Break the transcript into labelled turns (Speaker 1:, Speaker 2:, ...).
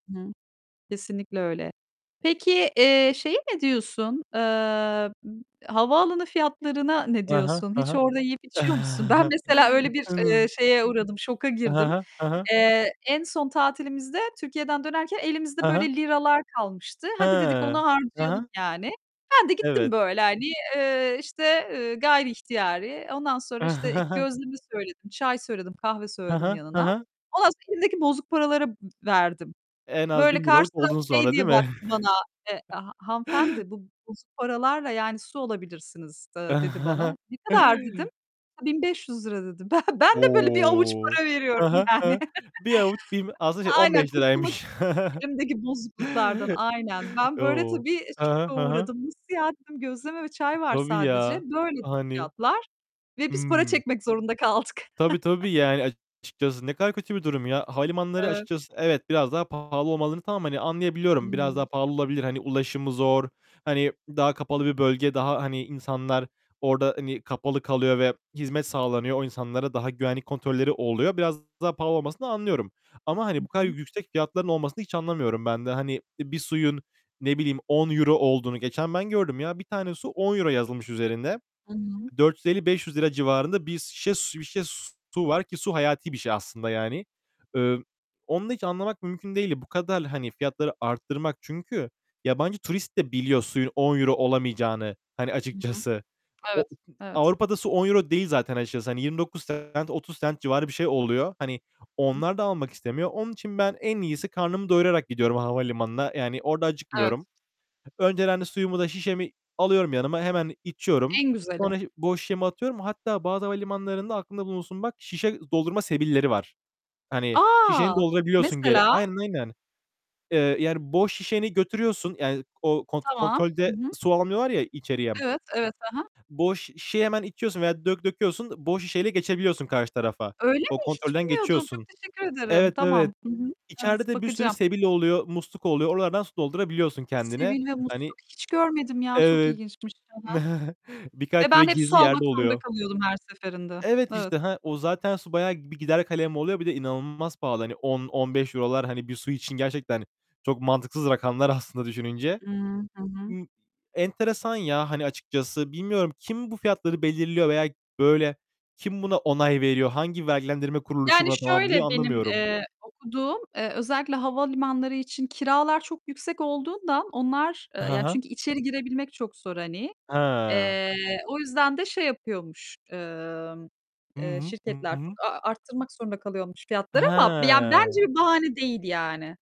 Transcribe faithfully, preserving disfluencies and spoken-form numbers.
Speaker 1: Hıı. Kesinlikle öyle. Peki, eee, şeye ne diyorsun? Eee, m havaalanı fiyatlarına ne
Speaker 2: I hı.
Speaker 1: diyorsun?
Speaker 2: Hı
Speaker 1: Hiç
Speaker 2: hı.
Speaker 1: orada yiyip içiyor musun? Ben, mesela, öyle bir, eee,
Speaker 2: Anladım.
Speaker 1: şeye uğradım, şoka
Speaker 2: Hı
Speaker 1: girdim.
Speaker 2: hı. Hı hı.
Speaker 1: Eee, en son tatilimizde Türkiye'den dönerken elimizde
Speaker 2: Hı
Speaker 1: böyle
Speaker 2: hı.
Speaker 1: liralar kalmıştı. "Hadi" dedik, "onu
Speaker 2: Hıı. Hı
Speaker 1: harcayalım"
Speaker 2: hı.
Speaker 1: yani. Ben de gittim
Speaker 2: Evet.
Speaker 1: böyle, hani, eee, işte, eee, gayriihtiyari, ondan sonra, işte, ilk gözleme söyledim, çay söyledim, kahve
Speaker 2: Hı
Speaker 1: söyledim
Speaker 2: hı. Hı
Speaker 1: yanına.
Speaker 2: hı.
Speaker 1: Ondan sonra elimdeki bozuk paraları ı verdim.
Speaker 2: En az
Speaker 1: Böyle
Speaker 2: bin liralık
Speaker 1: karşıdan
Speaker 2: oldun
Speaker 1: şey
Speaker 2: sonra değil
Speaker 1: diye
Speaker 2: mi?
Speaker 1: baktı bana, eee, "Ha hanımefendi bu bozuk paralarla, yani ,su alabilirsiniz." da dedi bana. "Ne kadar?" dedim. A, bin beş yüz lira dedi. Ben ben de böyle bir avuç
Speaker 2: O!
Speaker 1: para
Speaker 2: Hı
Speaker 1: veriyorum,
Speaker 2: hı. Hı
Speaker 1: yani
Speaker 2: hı. Bir avuç bim aslında şey, on
Speaker 1: Aynen,
Speaker 2: beş
Speaker 1: kurtulmak
Speaker 2: liraymış.
Speaker 1: için elimdeki bozukluklardan. Aynen. Ben, böyle,
Speaker 2: O!
Speaker 1: tabii,
Speaker 2: Hı hı.
Speaker 1: şoka
Speaker 2: Hı hı.
Speaker 1: uğradım. "Nasıl ya?" dedim, "gözleme ve
Speaker 2: T
Speaker 1: çay var
Speaker 2: tabii,
Speaker 1: sadece."
Speaker 2: ya,
Speaker 1: "Böyle." dedi
Speaker 2: hani
Speaker 1: fiyatlar ve biz para
Speaker 2: Hıı.
Speaker 1: çekmek zorunda kaldık.
Speaker 2: Tabii, tabii, yani, açıkçası ne kadar kötü bir durum ya. Havalimanları
Speaker 1: Evet.
Speaker 2: açıkçası evet, biraz daha pahalı olmalı tamam, hani, anlayabiliyorum. Biraz daha
Speaker 1: Hıı.
Speaker 2: pahalı olabilir. Hani, ulaşımı zor, hani, daha kapalı bir bölge, daha, hani, insanlar orada, hani, kapalı kalıyor ve hizmet sağlanıyor. O insanlara daha Güvenlik kontrolleri oluyor. Biraz daha pahalı olmasını anlıyorum. Ama,
Speaker 1: Hı
Speaker 2: hani, bu kadar
Speaker 1: hı.
Speaker 2: yüksek fiyatların olmasını hiç anlamıyorum ben de. Hani, bir suyun, ne bileyim, on euro olduğunu geçen ben gördüm, ya, bir tane su on euro yazılmış üzerinde.
Speaker 1: Hı hı.
Speaker 2: dört yüz elli beş yüz lira civarında bir sişe su bir şişe su var ki su hayati bir şey aslında, yani. Iıı, onu da hiç anlamak mümkün değildi. Bu kadar, hani, fiyatları arttırmak çünkü yabancı turist de biliyor suyun on euro olamayacağını, hani,
Speaker 1: Hı hı.
Speaker 2: açıkçası. O
Speaker 1: Evet,
Speaker 2: u hı
Speaker 1: evet.
Speaker 2: Avrupa'da su on euro değil zaten açıkçası, hani, yirmi dokuz cent, otuz cent civarı bir şey oluyor. Hani,
Speaker 1: Hı.
Speaker 2: onlar da almak istemiyor. Onun için ben en iyisi karnımı doyurarak gidiyorum havalimanına. Yani, orada
Speaker 1: Evet.
Speaker 2: acıkmıyorum. Önceden de suyumu da şişemi alıyorum yanıma, hemen içiyorum.
Speaker 1: En güzeli.
Speaker 2: Sonra şı boş şişemi atıyorum. Hatta bazı havalimanlarında aklında bulunsun bak, şişe doldurma sebilleri var. Hani, şişeni
Speaker 1: A!
Speaker 2: doldurabiliyorsun geri
Speaker 1: Mesela?
Speaker 2: Aynen, aynen. Eee, yani, boş şişeni götürüyorsun, yani, o kont
Speaker 1: Tamam. Hı
Speaker 2: kontrolde
Speaker 1: hı.
Speaker 2: su almıyorlar ya içeriye.
Speaker 1: Evet, evet. Hı hı.
Speaker 2: Boş şişeyi hemen içiyorsun veya dök döküyorsun, boş şişeyle geçebiliyorsun karşı tarafa.
Speaker 1: Öyle
Speaker 2: O
Speaker 1: mi? Hiç
Speaker 2: kontrolden
Speaker 1: bilmiyordum. Çok
Speaker 2: geçiyorsun.
Speaker 1: teşekkür ederim.
Speaker 2: Evet, evet.
Speaker 1: Tamam. Hı hı. Evet
Speaker 2: İçeride de bir sürü
Speaker 1: bakacağım.
Speaker 2: sebil oluyor, musluk oluyor. Oralardan su doldurabiliyorsun kendine.
Speaker 1: Sebil ve
Speaker 2: Hani
Speaker 1: musluk. Hiç görmedim ya çok
Speaker 2: Evet,
Speaker 1: ilginçmiş. Hı hı. Ve
Speaker 2: birkaç böyle
Speaker 1: ben hep su
Speaker 2: gizli
Speaker 1: almak
Speaker 2: yerde
Speaker 1: zorunda
Speaker 2: oluyor.
Speaker 1: kalıyordum her seferinde.
Speaker 2: Evet,
Speaker 1: Evet.
Speaker 2: işte, ha, o zaten su bayağı bir gider kalem oluyor. Bir de inanılmaz pahalı. Hani, on on beş euro'lar, hani, bir su için gerçekten çok mantıksız rakamlar aslında düşününce.
Speaker 1: Hıı. Hı hı.
Speaker 2: M enteresan ya, hani, açıkçası, bilmiyorum. Kim bu fiyatları belirliyor veya, böyle, kim buna onay veriyor, hangi vergilendirme kuruluşu
Speaker 1: Yani,
Speaker 2: buna "Tamam."
Speaker 1: şöyle
Speaker 2: diyor
Speaker 1: benim,
Speaker 2: anlamıyorum.
Speaker 1: eee, okuduğum, eee, özellikle havalimanları için kiralar çok yüksek olduğundan onlar, eee,
Speaker 2: Hı
Speaker 1: ya
Speaker 2: hı.
Speaker 1: çünkü içeri girebilmek çok zor, hani.
Speaker 2: Hıı.
Speaker 1: Eee, o yüzden de şey yapıyormuş, ımm,
Speaker 2: Hı
Speaker 1: eee,
Speaker 2: hı. Hı
Speaker 1: şirketler, çok
Speaker 2: hı.
Speaker 1: a a arttırmak zorunda kalıyormuş fiyatları ama bi ya,
Speaker 2: Hıı.
Speaker 1: bence bahane değil, yani.